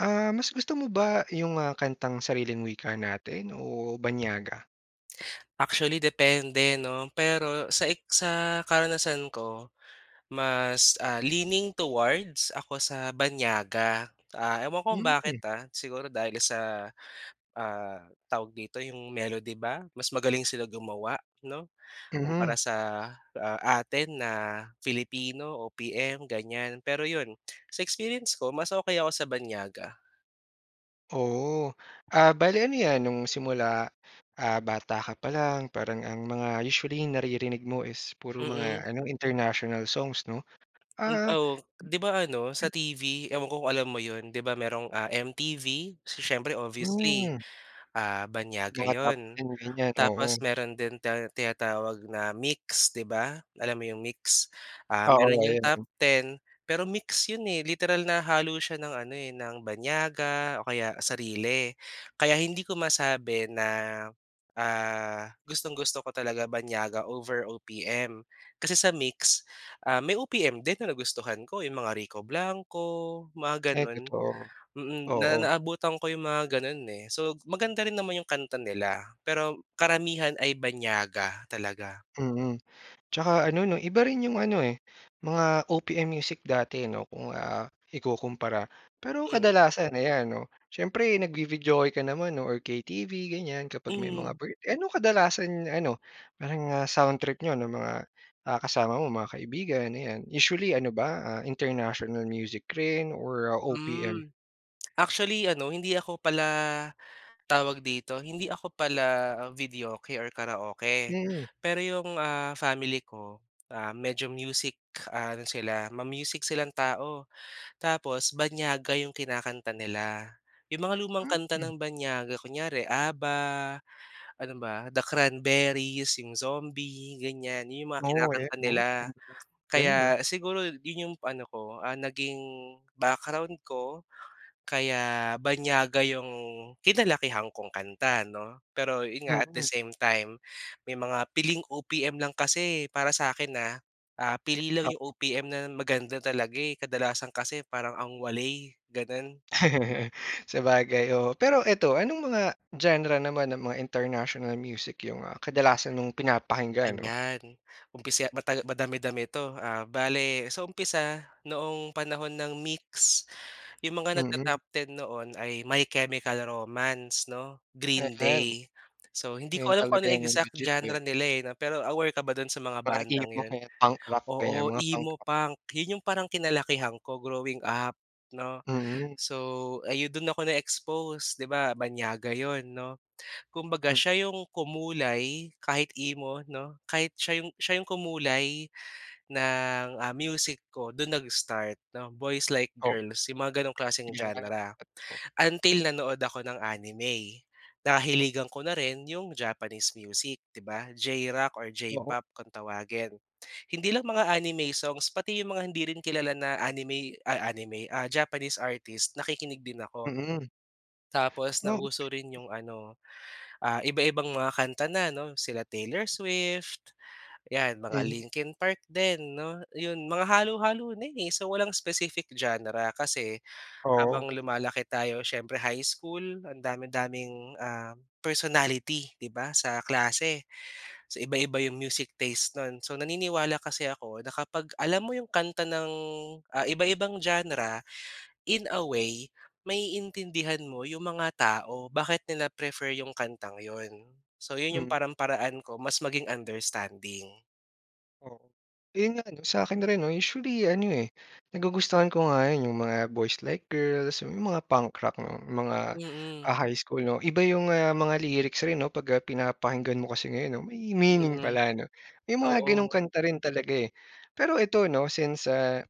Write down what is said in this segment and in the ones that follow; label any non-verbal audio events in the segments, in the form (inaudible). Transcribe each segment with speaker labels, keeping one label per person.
Speaker 1: Ah, mas gusto mo ba yung ah, kantang sariling wika natin o banyaga?
Speaker 2: Actually depende 'no. Pero sa ex sa karanasan ko, mas ah, leaning towards ako sa banyaga. Ah, ewan ko kung bakit
Speaker 1: Hmm.
Speaker 2: ah, siguro dahil sa, ah, tawag dito, 'yong melody ba, mas magaling sila gumawa 'no, kumpara
Speaker 1: Mhm.
Speaker 2: sa, ah, atin na Filipino, OPM ganyan. Pero yun, sa experience ko mas okey ako sa banyaga.
Speaker 1: Oo. Ah, bale ano yan, nung simula, ah, bata ka pa lang parang ang mga usually naririnig mo is puro
Speaker 2: Mm.
Speaker 1: mga ano international songs 'no?
Speaker 2: Hmm,
Speaker 1: Ah
Speaker 2: oo. 'Di ba ano sa TV, ewan ko kung alam mo 'yon. 'Di ba mayrong, ah, MTV, so siyempre obviously
Speaker 1: Hmm.
Speaker 2: ah, banyaga
Speaker 1: Mga top
Speaker 2: 'yon.
Speaker 1: ten, ganyan.
Speaker 2: Tapos
Speaker 1: Oo.
Speaker 2: meron din ti tinatawag na MYX 'di ba. Alam mo 'yong MYX? Um, meron
Speaker 1: Oo,
Speaker 2: 'yong
Speaker 1: ayun
Speaker 2: top
Speaker 1: din.
Speaker 2: ten, pero MYX 'yon eh, literal na halo siya ng ano eh, ng banyaga o kaya sarili. Kaya hindi ko masabi na, ah, gustong-gusto ko talaga banyaga over OPM. Kasi sa MYX ah, may OPM din na nagustuhan ko, yung mga Rico Blanco, mga
Speaker 1: Ay
Speaker 2: ganun.
Speaker 1: totoo.
Speaker 2: Mm, na
Speaker 1: Oo.
Speaker 2: naabutan ko yung mga ganun eh. So maganda rin naman yung kanta nila, pero karamihan ay banyaga talaga.
Speaker 1: Mm. 'Tsaka ano 'no, iba rin 'yong ano eh, mga OPM music dati 'no, kung ah, ikukumpara. Pero
Speaker 2: Mm.
Speaker 1: kadalasan ayan, 'no, siyempre nag-vi-videoke ka naman or KTV ganyan, kapag may mga
Speaker 2: Hmm.
Speaker 1: birth eh ano kadalasan ano, parang ah, sound trip n'yo nung mga ah, kasama mo, mga kaibigan, ayan. Usually ano ba ah, international music rin or OPM?
Speaker 2: Hmm. Actually ano, hindi ako pala, tawag dito, hindi ako pala videoke or karaoke.
Speaker 1: Mm.
Speaker 2: Pero 'yong ah, family ko, ah, medyo music ano sila, ma-music silang tao. Tapos banyaga 'yong kinakanta nila. 'Yong mga lumang kanta
Speaker 1: Mm.
Speaker 2: ng banyaga. Kunyare ABBA, ano ba, The Cranberries, 'yong Zombie, ganyan. 'Yon 'yong mga
Speaker 1: Oo eh,
Speaker 2: kinakanta
Speaker 1: 'no.
Speaker 2: nila.
Speaker 1: (unintelligible) Ganun ah.
Speaker 2: Kaya siguro 'yon 'yong ano ko, ah, naging background ko kaya banyaga 'yong kinalakihan kong kanta, 'no. Pero 'yon nga at the
Speaker 1: Mm.
Speaker 2: same time, may mga piling OPM lang kasi eh para sa'kin ha, ah, pili lang
Speaker 1: Pa
Speaker 2: 'yong OPM na maganda talaga eh. Kadalasan kasi parang ang waley, gano'n.
Speaker 1: (laughs) Sabagay oo. Pero eto, anong mga genre naman ng mga international music yung ah, kadalasan mong pinapakinggan, 'no?
Speaker 2: Ayan umpisa, mata-madami-dami 'to. Ah, bale, sa umpisa noong panahon ng MYX, 'yong mga
Speaker 1: Mm.
Speaker 2: nag-ta-top ten noon ay, My Chemical Romance 'no, Green
Speaker 1: Ayan.
Speaker 2: Day. So
Speaker 1: Eh
Speaker 2: hindi ko
Speaker 1: yun
Speaker 2: alam kung
Speaker 1: talaga
Speaker 2: ano
Speaker 1: yung
Speaker 2: exact
Speaker 1: legit, eh.
Speaker 2: genre nila eh, 'no, pero aware ka ba do'n sa mga
Speaker 1: Mga
Speaker 2: bandang
Speaker 1: emo o
Speaker 2: 'yon?
Speaker 1: kaya punk rock, ganyan
Speaker 2: Oo,
Speaker 1: mga punk
Speaker 2: Emo
Speaker 1: rock.
Speaker 2: punk, 'yon 'yong parang kinalakihan ko, growing up 'no.
Speaker 1: Mm.
Speaker 2: So ayon, do'n ako na-expose, 'di ba banyaga 'yon 'no. Kumbaga
Speaker 1: Hmm.
Speaker 2: siya yung kumulay kahit emo 'no, kahit siya yung siya yung kumulay ng, ah, music ko. Dun nag start 'no, Boys Like
Speaker 1: Oh.
Speaker 2: Girls, yung mga ganong klaseng
Speaker 1: Yan,
Speaker 2: genre.
Speaker 1: totoo.
Speaker 2: Until nanood ako ng anime.
Speaker 1: O.
Speaker 2: Nahiligan ko na rin yung Japanese music di ba, J-rock or
Speaker 1: Oo.
Speaker 2: J-pop kung tawagin. Hindi lang mga anime songs, pati yung mga hindi rin kilala na anime, ay anime ah, Japanese artist, nakikinig din ako.
Speaker 1: Mm.
Speaker 2: Tapos
Speaker 1: Oh okey.
Speaker 2: nauso rin 'yong ano ah, iba-ibang mga kanta na 'no, sila Taylor Swift, 'yan mga
Speaker 1: Mhm.
Speaker 2: Linkin Park din 'no, 'yon, mga halo-halo na eh. So walang specific genre, kasi
Speaker 1: Oo.
Speaker 2: habang lumalaki tayo siyempre high school, ang dami-daming ah, personality 'di ba sa klase. So iba-iba 'yong music taste no'n. So naniniwala kasi ako, na kapag alam mo 'yong kanta ng ah, iba-ibang genre, in a way ma-iintindihan mo yung mga tao. Bakit nila prefer yung kantang yun. So yun yung
Speaker 1: Mm.
Speaker 2: parang paraan ko mas maging understanding.
Speaker 1: Oo. Ayun nga 'no, sa akin rin 'no. Usually ano, eh, nagugustuhan ko nga yun, yung mga boys like girls, (unintelligible) yung mga punk rock ng mga,
Speaker 2: Mm.
Speaker 1: ah, high school 'no. Iba yung, ah, mga lyrics rin 'no 'pag, ah, pinapakinggan mo kasi ngayon 'no. May meaning
Speaker 2: Mm.
Speaker 1: pala 'no. May mga ganong
Speaker 2: Oo.
Speaker 1: kanta rin talaga, eh. Pero eto 'no since, ah,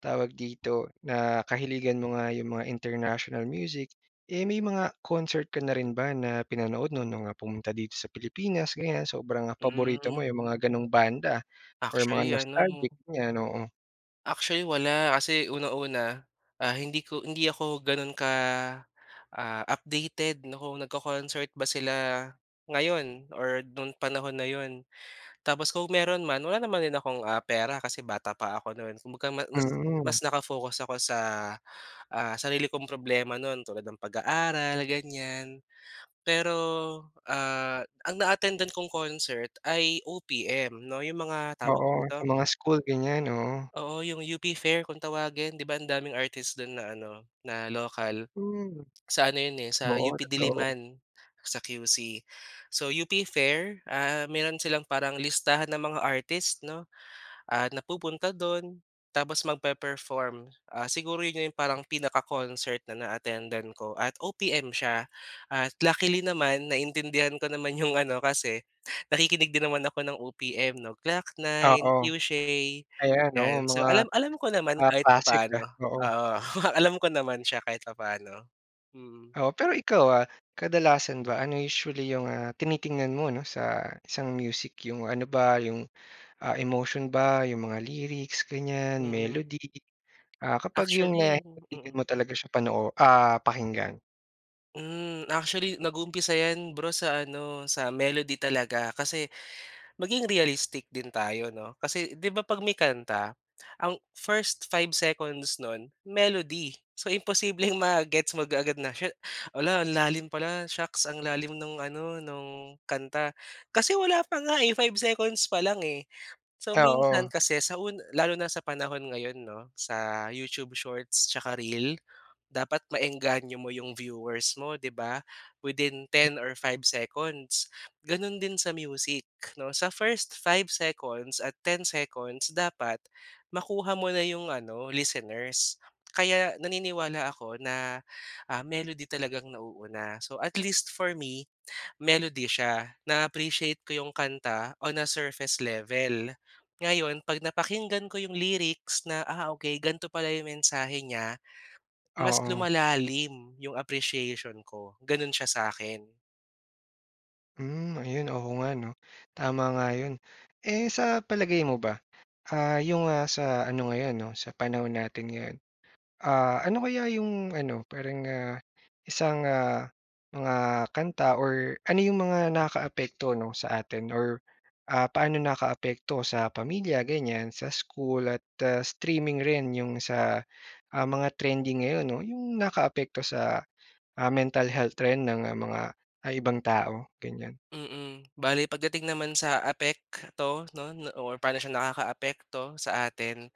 Speaker 1: tawag dito nakahiligan mo nga yung mga international music, eh, may mga concert ka na rin ba na pinanood 'no, no'ng, ah, pumunta dito sa Pilipinas ganyan? Sobrang paborito mo
Speaker 2: Hmm.
Speaker 1: yung mga ganong banda or mga
Speaker 2: Actually, ano
Speaker 1: nostalgic ganyan? Oo.
Speaker 2: Actually, wala. Kasi unang-una, ah, hindi ko hindi ako gano'n ka, ah, updated na kung nagko-concert ba sila ngayon or no'n panahon na 'yon. Tapos kung meron man, wala din naman akong, ah, pera kasi bata pa ako no'n. Kumbaga ma nas mas
Speaker 1: Mm.
Speaker 2: naka-focus ako sa, ah, sarili kong problema no'n tulad ng pag-aaral, ganyan. Pero, ah, ang na-attendan kong concert ay OPM 'no 'yong mga tawag
Speaker 1: Oo, sa
Speaker 2: dito
Speaker 1: mga school ganyan, oo.
Speaker 2: Oo, 'yong UP Fair kung tawagin, 'di ba ang daming artist do'n na ano, na local?
Speaker 1: Hmm.
Speaker 2: Sa ano 'yon eh, sa
Speaker 1: Oo,
Speaker 2: UP
Speaker 1: totoo.
Speaker 2: Diliman sa QC. So, UP Fair, ah, mayro'n silang parang listahan ng mga artist 'no, ah, na pupunta do'n tapos magpe-perform. Ah, siguro 'yon 'yong parang pinaka-concert na na-attendan ko at OPM siya at luckily naman naintindihan ko naman 'yong ano kasi nakikinig din naman ako ng OPM 'no, Glock 9,
Speaker 1: Oo.
Speaker 2: Cueshe,
Speaker 1: Ayan, oo
Speaker 2: yan. So,
Speaker 1: mga,
Speaker 2: alam alam ko naman
Speaker 1: ah,
Speaker 2: kahit
Speaker 1: classic
Speaker 2: papaano.
Speaker 1: ah, oo.
Speaker 2: Oo, alam ko naman siya kahit papaano, mm.
Speaker 1: Oo, pero ikaw, ah, kadalasan ba ano usually yung, ah, tinitingnan mo 'no sa isang music? Yung ano ba yung, ah, emotion ba, 'yong mga lyrics, ganyan
Speaker 2: Mm.
Speaker 1: melody? Ah, kapag yung
Speaker 2: Actually mm.
Speaker 1: (unintelligible) talaga siya panoo ah, pakinggan?
Speaker 2: Mm, actually nag-uumpisa 'yan bro, sa ano sa melody talaga kasi maging realistic din tayo 'no, kasi 'di ba 'pag may kanta, ang first 5 seconds no'n melody. So, imposibleng ma-gets mo kaagad na siya "'Ala ang lalim pala, shocks ang lalim nung ano nung kanta," kasi wala pa nga, 5 seconds pa lang, eh. So minsan
Speaker 1: Oo.
Speaker 2: kasi sa un lalo na sa panahon ngayon 'no sa YouTube shorts tsaka reel, dapat maengganyo mo yung viewers mo 'di ba within 10 or 5 seconds ganun din sa music 'no. Sa first 5 seconds at 10 seconds, dapat makuha mo na 'yong ano listeners. Kaya naniniwala ako na, ah, melody talagang nauuna. So, at least for me melody siya na-appreciate ko yung kanta on a surface level. Ngayon 'pag napakinggan ko yung lyrics na, ah, okay gan'to pala yung mensahe niya, mas
Speaker 1: Oo.
Speaker 2: lumalalim yung appreciation ko ganun siya sa'kin.
Speaker 1: Hmm, ayun oo nga 'no, tama nga 'yon. Eh, sa palagay mo ba, ah, 'yong, ah, sa ano ngayon 'no, sa panahon natin ngayon, ah, ano kaya 'yong ano parang, ah, isang ah, mga kanta or ano 'yong mga nakakaapekto 'no, sa atin or ah, paano nakaapekto sa pamilya ganyan, sa school at streaming rin 'yong sa, ah, mga trending ngayon, 'no, yung nakaapekto sa, ah, mental health trend ng mga, ah, ibang tao ganyan?
Speaker 2: Mm, bale pagdating naman sa apekto no or paano siya nakakaapekto sa atin,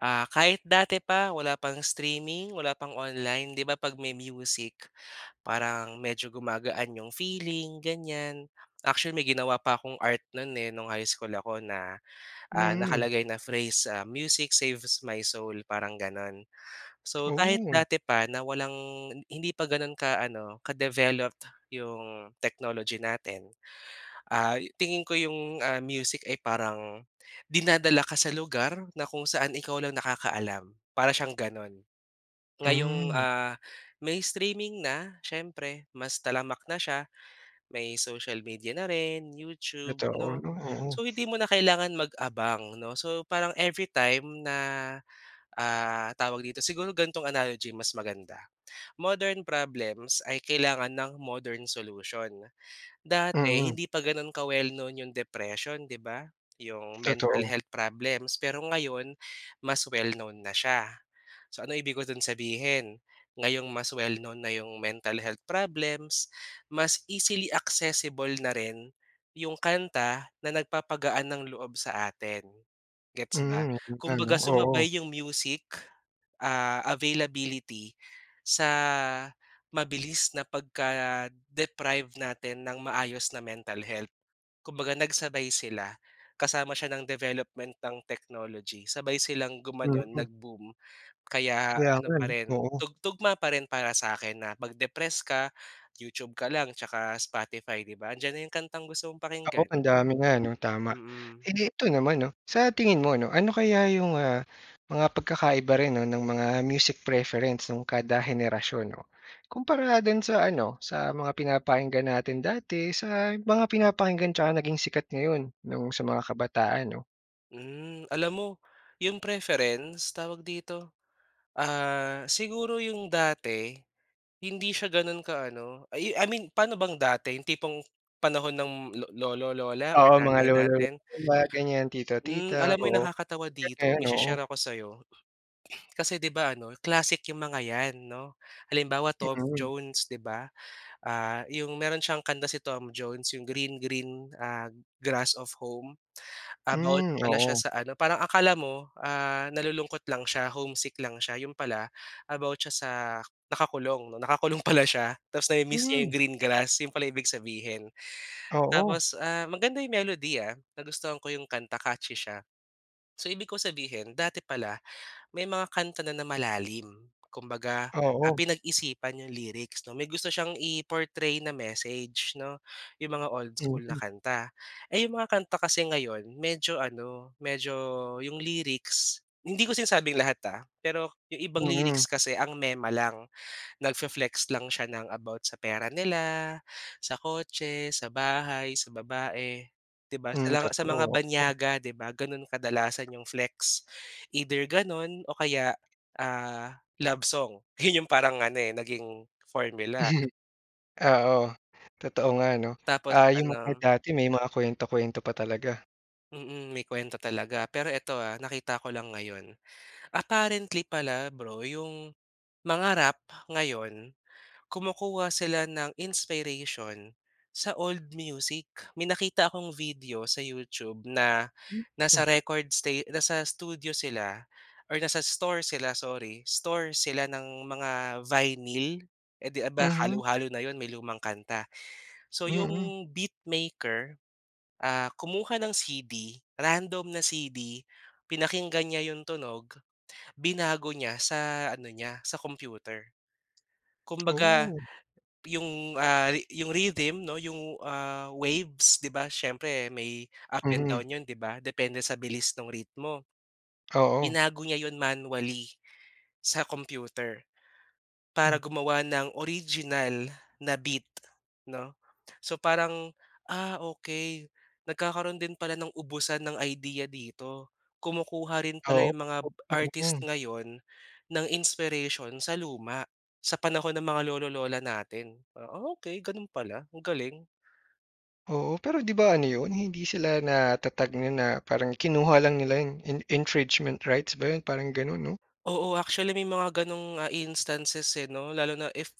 Speaker 2: ah, kahit dati pa wala pang streaming, wala pang online, 'di ba, 'pag may music, parang medyo gumagaan 'yong feeling ganyan. Actually, may ginawa pa akong art no'n, eh, no'ng high school ako na, ah,
Speaker 1: Hmm.
Speaker 2: nakalagay na phrase, Music saves my soul, parang gano'n. So, kahit
Speaker 1: Oh.
Speaker 2: dati pa na walang hindi pa ganun ka ano ka-developed 'yong technology natin, ah, tingin ko 'yong, ah, music ay parang dinadala ka sa lugar na kung saan ikaw lang nakakaalam, para siyang gano'n. Ngayong,
Speaker 1: Hmm.
Speaker 2: ah, may streaming na siyempre mas talamak na siya, may social media na rin YouTube
Speaker 1: Totoo,
Speaker 2: 'no.
Speaker 1: ano, oo.
Speaker 2: So hindi mo na kailangan mag-abang 'no. So, parang every time na, ah, tawag dito siguro gantong analogy mas maganda, modern problems ay kailangan ng modern solution. Dati,
Speaker 1: Mm.
Speaker 2: hindi pa ganon ka well known 'yong depression 'di ba, 'yong mental
Speaker 1: Totoo.
Speaker 2: health problems, pero ngayon mas well known na siya. So, ano ibig ko do'n sabihin, ngayong mas well known na 'yong mentall health problems, mas easily accessible na rin 'yong kanta na nagpapagaan ng loob sa atin, gets ba?
Speaker 1: Hmm, oo nga ano,
Speaker 2: Kumbaga
Speaker 1: oo.
Speaker 2: sumabay 'yong music, ah, availability sa mabilis na pagka-deprive natin nang maayos na mental health. Kumbaga nagsabay sila, kasama siya ng development ng technology, sabay silang gumanon
Speaker 1: Mm.
Speaker 2: nag-boom. Kaya
Speaker 1: Kaya
Speaker 2: ano
Speaker 1: nga,
Speaker 2: pa rin
Speaker 1: 'no, oo.
Speaker 2: tug tugma pa rin para sa'kin na pag depress ka, YouTube ka lang tsaka Spotify 'di ba, 'andiyan na 'yong kantang gusto mong
Speaker 1: Oo,
Speaker 2: pakinggan.
Speaker 1: ang dami nga ano tama.
Speaker 2: Mm.
Speaker 1: Eh, ito naman 'no, sa tingin mo 'no, ano kaya 'yong, ah, mga pagkakaiba rin no ng mga music preference nung kada henerasyon no, kumpara dun sa ano sa mga pinapakinggan natin dati sa mga pinapakinggan tsaka naging sikat ngayon nung sa mga kabataan, 'no?
Speaker 2: Hmm, alam mo yung preference tawag dito? Ah, siguro yung dati hindi siya ganun ka ano I I mean paano bang dati? Yung tipong panahon ng lolo ,lola, or
Speaker 1: Oo, mga
Speaker 2: nanay
Speaker 1: lolo,
Speaker 2: natin?
Speaker 1: lola, mga ganyan tito,
Speaker 2: Hmm, alam
Speaker 1: tita,
Speaker 2: mo yung
Speaker 1: oo.
Speaker 2: nakakatawa dito may shi-share ako sayo. Kasi di ba ano classic yung mga yan no? Halimbawa Tom
Speaker 1: Mm.
Speaker 2: Jones, 'di ba? Ah, yung meron siyang kanta si Tom Jones iyong Green, Green, ah, Grass of Home, about
Speaker 1: Hmm,
Speaker 2: pala siya
Speaker 1: oo.
Speaker 2: sa ano parang akala mo, ah, nalulungkot lang siya homesick lang siya, yun pala about siya sa nakakulong 'no, nakakulong pala siya ta's nami-miss niya
Speaker 1: Hmm.
Speaker 2: yung green grass yun pala ibig sabihin.
Speaker 1: Oo.
Speaker 2: Tapos, ah, maganda yung melody, ah, nagustuhan ko yung kanta catchy siya. So, ibig kong sabihin dati pala may mga kanta na na malalim. Kumbaga, ah,
Speaker 1: Oo.
Speaker 2: pinag-isipan yung lyrics no may gusto siyang i portray na message no yung mga old school na
Speaker 1: Mhm.
Speaker 2: kanta. Eh, yung mga kanta kasi ngayon, medyo ano medyo yung lyrics hindi ko sinabing lahat, ah, pero yung ibang
Speaker 1: Mm.
Speaker 2: lyrics kasi ang mema lang, nagfe-flex lang siya ng about sa pera nila, sa kotse, sa bahay, sa babae. 'Di ba? Sa
Speaker 1: Hmm,
Speaker 2: la sa mga
Speaker 1: totoo, oo.
Speaker 2: banyaga 'di ba ganun kadalasan yung flex either ganun o kaya, ah, love song. Yun yung parang ano, eh, naging formula.
Speaker 1: Hmm. Oo, totoo nga no?
Speaker 2: Tapos,
Speaker 1: Ah, yung mga
Speaker 2: ano.
Speaker 1: dati may mga kuwento-kuwento pa talaga.
Speaker 2: Mm, may kuwento talaga. Pero eto, ah, nakita ko lang ngayon, apparently pala bro 'yong mga rap ngayon, kumukuha sila ng inspiration, sa old music. May nakita akong video sa YouTube na, nasa
Speaker 1: Mhm.
Speaker 2: record sta nasa studio sila or nasa store sila sorry, store sila ng mga vinyl. Eh, 'di ba,
Speaker 1: Mhm.
Speaker 2: halu-halo na 'yon may lumang kanta. So,
Speaker 1: Mm.
Speaker 2: 'yong beatmaker, ah, kumuha ng CD random na CD pinakinggan niya yung tunog, binago niya sa ano niya sa computer. Kumbaga,
Speaker 1: Oh.
Speaker 2: yung, ah, yung rhythm 'no, yung, ah, waves, 'di ba, siyempre may up and
Speaker 1: Mhm.
Speaker 2: down yun, 'di ba, depende sa bilis nong ritmo.
Speaker 1: Oo.
Speaker 2: Binago niya 'yon manually sa computer para
Speaker 1: Hmm.
Speaker 2: gumawa ng original na beat, 'no? So, parang, ah, okey nagkakaroon din pala ng ubusan ng idea dito. Kumukuha rin pala
Speaker 1: Oo.
Speaker 2: 'yong mga
Speaker 1: (unintelligible)
Speaker 2: artist
Speaker 1: Mm.
Speaker 2: ngayon ng inspiration sa luma, sa panahon ng mga lolo-lola natin. Ah, okey gano'n pala, ang galing.
Speaker 1: Oo, pero 'di ba ano yun hindi sila nata-tag non na parang kinuha lang nila yung in infringement rigths ba yun parang ganun, 'no?
Speaker 2: Oo, actually may mga ganong, ah, instances, eh, no, lalo na if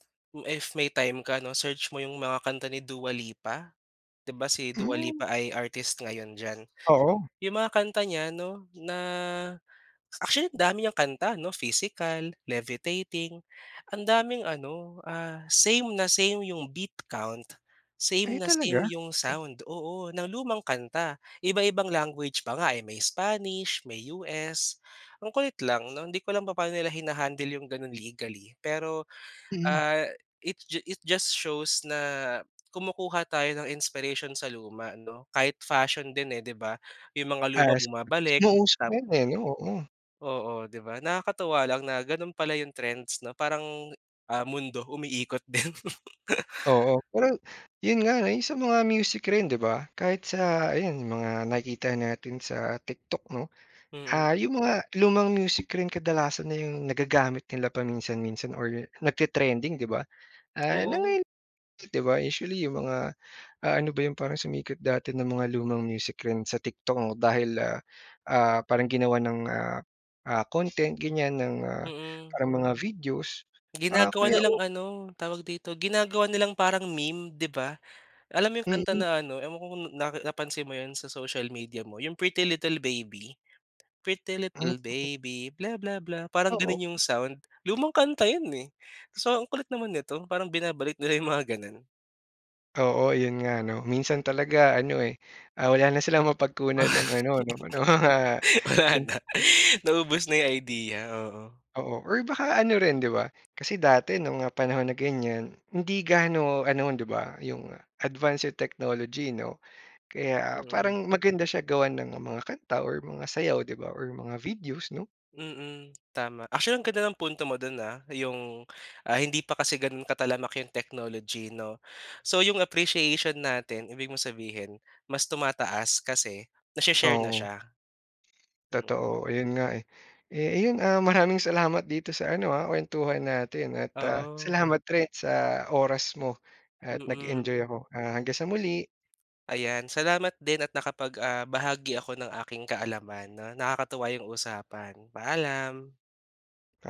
Speaker 2: if may time ka 'no, search mo yung mga kanta ni Dua Lipa, 'di ba si Dua
Speaker 1: Hmm.
Speaker 2: Lipa ay artist ngayon diyan.
Speaker 1: Oo.
Speaker 2: Yung mga kanta niya 'no, na actually dami niyang kanta no, Physical, Levitating. Ang daming ano, ah, same na same yung beat count, same
Speaker 1: Ay
Speaker 2: na same
Speaker 1: talaga?
Speaker 2: yung sound, oo, ng lumang kanta, iba-ibang language pa nga, eh, may Spanish, may US ang kulit lang, 'no, hindi ko alam papaano nila hina-handle yung ganun legally pero,
Speaker 1: Mm.
Speaker 2: ah, it ju it just shows na kumukuha tayo ng inspiration sa luma 'no. Kahit fashion din, eh, 'di ba yung mga luma
Speaker 1: As,
Speaker 2: bumabalik,
Speaker 1: mga uso
Speaker 2: tap
Speaker 1: ngayon, eh, 'no, oo.
Speaker 2: Oo, 'di ba, nakakatuwa lang na ganun pala yung trends na parang, ah, mundo umiikot din.
Speaker 1: Oo,
Speaker 2: (laughs)
Speaker 1: parang yun nga 'no, sa mga music rin 'di ba, kahit sa ayan mga nakikita natin sa TikTok 'no,
Speaker 2: Mm.
Speaker 1: ah, yung mga lumang music rin kadalasan na yung nagagamit nila paminsan-minsan or nagte-trending 'di ba ah, na
Speaker 2: Oo.
Speaker 1: ngay di ba, usually yung mga, ah, ano ba 'yon parang sumikat dati na mga lumang music rin sa TikTok o dahil, ah ah parang ginawan, ng, ah, ah content ganyan ng, ah,
Speaker 2: Mm.
Speaker 1: ah mga videos, ah,
Speaker 2: Ginagawa
Speaker 1: kaya
Speaker 2: nilang
Speaker 1: o
Speaker 2: ano, tawag dito, ginagawa nilang parang meme, 'di ba, alam mo 'yong kanta
Speaker 1: Mm.
Speaker 2: na ano, ewan ko kung na napansin mo 'yon sa social media mo, 'yong Pretty Little Baby, Pretty
Speaker 1: Hmm.
Speaker 2: Little Baby bla bla bla parang
Speaker 1: Oo.
Speaker 2: gano'n 'yong sound, lumang kanta 'yon, eh. So, ang kulit naman nito, parang binabalik nila yong mga gano'n.
Speaker 1: Oo, 'yon nga ano, minsan talaga ano, eh, ah, wala na silang mapagkunan ng ano, 'no, ng mga
Speaker 2: (laughs) Wala na,
Speaker 1: (unintelligible)
Speaker 2: naubos na 'yong idea, oo.
Speaker 1: Oo or baka ano rin 'di ba, kasi dati nung, ah, panahon na ganyan, hindi gaano ano, 'di ba, yung advanced yung technology 'no, kaya
Speaker 2: Mm.
Speaker 1: parang maganda siya gawan ng mga kanta or mga sayaw 'di ba or mga videos 'no.
Speaker 2: Mm, tama. Actually ang ganda ng punto mo do'n, ah, 'yong, ah, hindi pa kasi gano'n katalamak 'yong technology 'no, so 'yong appreciation natin ibig mong sabihin mas tumataas kasi nashi-share na
Speaker 1: Oo.
Speaker 2: siya, mm.
Speaker 1: Totoo, ayun nga, eh. Eh, yun, ah, maraming salamat dito sa ano, ah, kuwentuhan natin at ah,
Speaker 2: Oo.
Speaker 1: salamat rin sa oras mo at
Speaker 2: Mm.
Speaker 1: nag-enjoy ako. Ah, hanggang sa muli.
Speaker 2: Ayan, salamat din at nakapag, ah, bahagi ako ng aking kaalaman 'no, nakakatuwa yung usapan. Paalam.
Speaker 1: Pa